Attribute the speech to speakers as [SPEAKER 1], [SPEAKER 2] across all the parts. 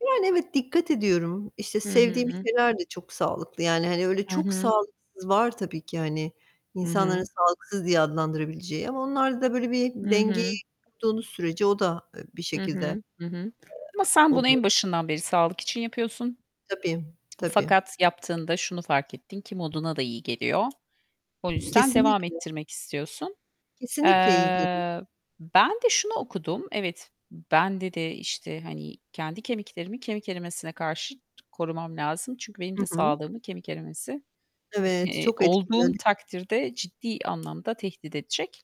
[SPEAKER 1] Yani evet, dikkat ediyorum. İşte,
[SPEAKER 2] Hı
[SPEAKER 1] sevdiğim
[SPEAKER 2] hı.
[SPEAKER 1] şeyler de çok sağlıklı. Yani, hani, öyle
[SPEAKER 2] Hı
[SPEAKER 1] çok
[SPEAKER 2] hı.
[SPEAKER 1] sağlıksız var tabii ki, hani,
[SPEAKER 2] Hı
[SPEAKER 1] insanların
[SPEAKER 2] hı.
[SPEAKER 1] sağlıksız diye adlandırabileceği ama onlarda da böyle bir
[SPEAKER 2] Hı
[SPEAKER 1] dengeyi
[SPEAKER 2] hı.
[SPEAKER 1] kurduğunuz sürece o da, eee, bir
[SPEAKER 2] Hı
[SPEAKER 1] şekilde, eee,
[SPEAKER 2] hı. Hı hı. Ama sen bunu en
[SPEAKER 1] oluyor.
[SPEAKER 2] başından beri sağlık için yapıyorsun.
[SPEAKER 1] Tabii, tabii.
[SPEAKER 2] Fakat yaptığında şunu fark ettin ki moduna da iyi geliyor. O yüzden devam
[SPEAKER 1] Kesinlikle.
[SPEAKER 2] ettirmek istiyorsun.
[SPEAKER 1] Kesinlikle iyi geliyor.
[SPEAKER 2] Eee, ben de şunu okudum. Evet, ben, dedi, işte, hani, kendi kemiklerimi kemik erimesine karşı korumam lazım. Çünkü benim de
[SPEAKER 1] Hı hı.
[SPEAKER 2] sağlığımı kemik erimesi,
[SPEAKER 1] Evet,
[SPEAKER 2] eee,
[SPEAKER 1] çok
[SPEAKER 2] olduğum
[SPEAKER 1] etkiliyor.
[SPEAKER 2] takdirde ciddi anlamda tehdit edecek,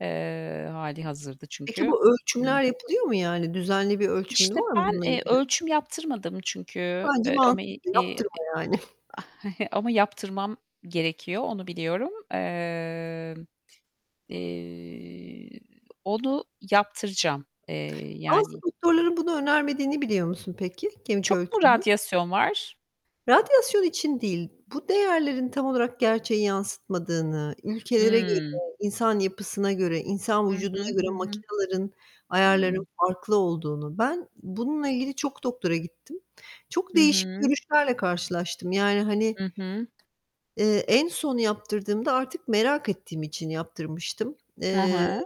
[SPEAKER 2] eee, hâlihazırda
[SPEAKER 1] Peki
[SPEAKER 2] çünkü
[SPEAKER 1] bu
[SPEAKER 2] Hıı.
[SPEAKER 1] ölçümler yapılıyor mu yani? Düzenli bir ölçümün
[SPEAKER 2] İşte,
[SPEAKER 1] var mı
[SPEAKER 2] ben,
[SPEAKER 1] bununla
[SPEAKER 2] eee,
[SPEAKER 1] ilgili?
[SPEAKER 2] ölçüm yaptırmadım çünkü,
[SPEAKER 1] Bence
[SPEAKER 2] eee, ama,
[SPEAKER 1] mantıklı,
[SPEAKER 2] iii,
[SPEAKER 1] yaptırma yani.
[SPEAKER 2] ama yaptırmam gerekiyor, onu biliyorum. Emm, eee, onu yaptıracağım, eee,
[SPEAKER 1] Aslında
[SPEAKER 2] yani.
[SPEAKER 1] doktorların bunu önermediğini biliyor musun peki? Kemik
[SPEAKER 2] Çok mu
[SPEAKER 1] ölçümünün.
[SPEAKER 2] radyasyon var?
[SPEAKER 1] Radyasyon için değil. Bu değerlerin tam olarak gerçeği yansıtmadığını ülkelere göre
[SPEAKER 2] Hıı.
[SPEAKER 1] insan yapısına göre, insan
[SPEAKER 2] Hı hı.
[SPEAKER 1] vücuduna göre
[SPEAKER 2] Hı hı.
[SPEAKER 1] makinaların
[SPEAKER 2] Hı.
[SPEAKER 1] ayarlarının farklı olduğunu. Ben bununla ilgili çok doktora gittim. Çok
[SPEAKER 2] Hı
[SPEAKER 1] değişik
[SPEAKER 2] hı.
[SPEAKER 1] görüşlerle karşılaştım. Yani, hani,
[SPEAKER 2] Hı hı.
[SPEAKER 1] eee, en son yaptırdığımda, artık merak ettiğim için yaptırmıştım.
[SPEAKER 2] Hı
[SPEAKER 1] Eee,
[SPEAKER 2] hı.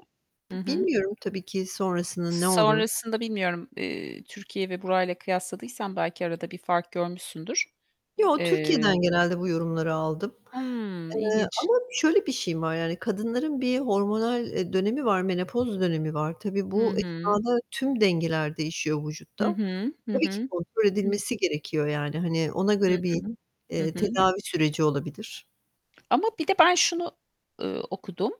[SPEAKER 2] Hı
[SPEAKER 1] bi
[SPEAKER 2] hı.
[SPEAKER 1] bilmiyorum tabii ki sonrasında ne olur.
[SPEAKER 2] Sonrasında bilmiyorum, eee, Türkiye ve burayla kıyasladıysan belki arada bir fark görmüşsündür.
[SPEAKER 1] Yo,
[SPEAKER 2] Eee
[SPEAKER 1] Türkiye'den genelde bu yorumları aldım.
[SPEAKER 2] Hımm,
[SPEAKER 1] Eee,
[SPEAKER 2] ilginç.
[SPEAKER 1] ama şöyle bir şeyim var yani kadınların bir hormonal, eee, dönemi var, menopoz dönemi var. Tabii
[SPEAKER 2] Hı
[SPEAKER 1] bu
[SPEAKER 2] hı.
[SPEAKER 1] esnada tüm dengeler değişiyor
[SPEAKER 2] Hı
[SPEAKER 1] vücutta.
[SPEAKER 2] hı. Hı
[SPEAKER 1] Tabii ki
[SPEAKER 2] hı.
[SPEAKER 1] kontrol
[SPEAKER 2] Hı hı.
[SPEAKER 1] edilmesi gerekiyor yani, hani, ona
[SPEAKER 2] Hı
[SPEAKER 1] göre bir,
[SPEAKER 2] hı. Hı
[SPEAKER 1] eee,
[SPEAKER 2] hı.
[SPEAKER 1] tedavi süreci olabilir.
[SPEAKER 2] Ama bir de ben şunu, eee, okudum.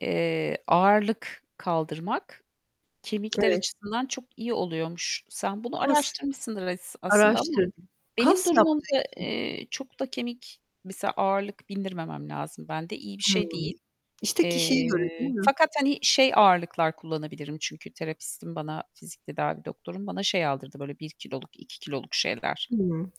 [SPEAKER 2] Eee, ağırlık kaldırmak, kemikler
[SPEAKER 1] Evet.
[SPEAKER 2] açısından çok iyi oluyormuş. Sen bunu
[SPEAKER 1] [unintelligible]
[SPEAKER 2] araştırmışsındır as aslında ama
[SPEAKER 1] Araştırdım.
[SPEAKER 2] benim
[SPEAKER 1] Kas yaptığı
[SPEAKER 2] durumumda,
[SPEAKER 1] için.
[SPEAKER 2] eee, çokta kemik mesela ağırlık bindirmemem lazım bende. İyi bir şey
[SPEAKER 1] Hıı.
[SPEAKER 2] değil.
[SPEAKER 1] İşte, kişiye göre, değil
[SPEAKER 2] Eee,
[SPEAKER 1] mi?
[SPEAKER 2] fakat, hani, şey ağırlıklar kullanabilirim, çünkü terapistim bana, fizik tedavi doktorum bana şey aldırdı böyle 1 kiloluk, 2 kiloluk şeyler
[SPEAKER 1] Hımm.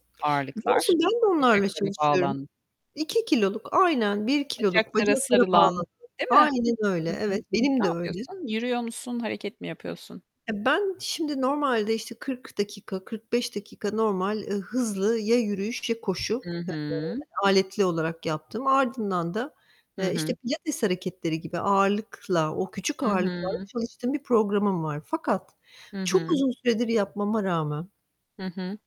[SPEAKER 1] Biliyor
[SPEAKER 2] ağırlıklar
[SPEAKER 1] musun, ben de onlarla
[SPEAKER 2] bacaklara
[SPEAKER 1] çalışıyorum.
[SPEAKER 2] bağlan
[SPEAKER 1] 2 kiloluk aynen, 1 kiloluk
[SPEAKER 2] Bacaklara
[SPEAKER 1] bacaklara
[SPEAKER 2] sarılan,
[SPEAKER 1] bağlıyorum.
[SPEAKER 2] değil mi?
[SPEAKER 1] Aynen öyle,
[SPEAKER 2] Hı hı.
[SPEAKER 1] evet. Benim
[SPEAKER 2] Ne
[SPEAKER 1] de öyle.
[SPEAKER 2] yapıyorsun? Yürüyor musun? Hareket mi yapıyorsun?
[SPEAKER 1] Ya, ben şimdi normalde işte 40 dakika, 45 dakika normal, eee, hızlı ya yürüyüş ya koşu,
[SPEAKER 2] Hı hı.
[SPEAKER 1] eee, aletli olarak yaptım. Ardından da,
[SPEAKER 2] Hı
[SPEAKER 1] eee, işte,
[SPEAKER 2] hı.
[SPEAKER 1] pilates hareketleri gibi ağırlıkla, o küçük
[SPEAKER 2] Hı
[SPEAKER 1] ağırlıklarla
[SPEAKER 2] hı.
[SPEAKER 1] çalıştığım bir programım var. Fakat
[SPEAKER 2] Hı
[SPEAKER 1] çok
[SPEAKER 2] hı.
[SPEAKER 1] uzun süredir yapmama rağmen.
[SPEAKER 2] Hı hı.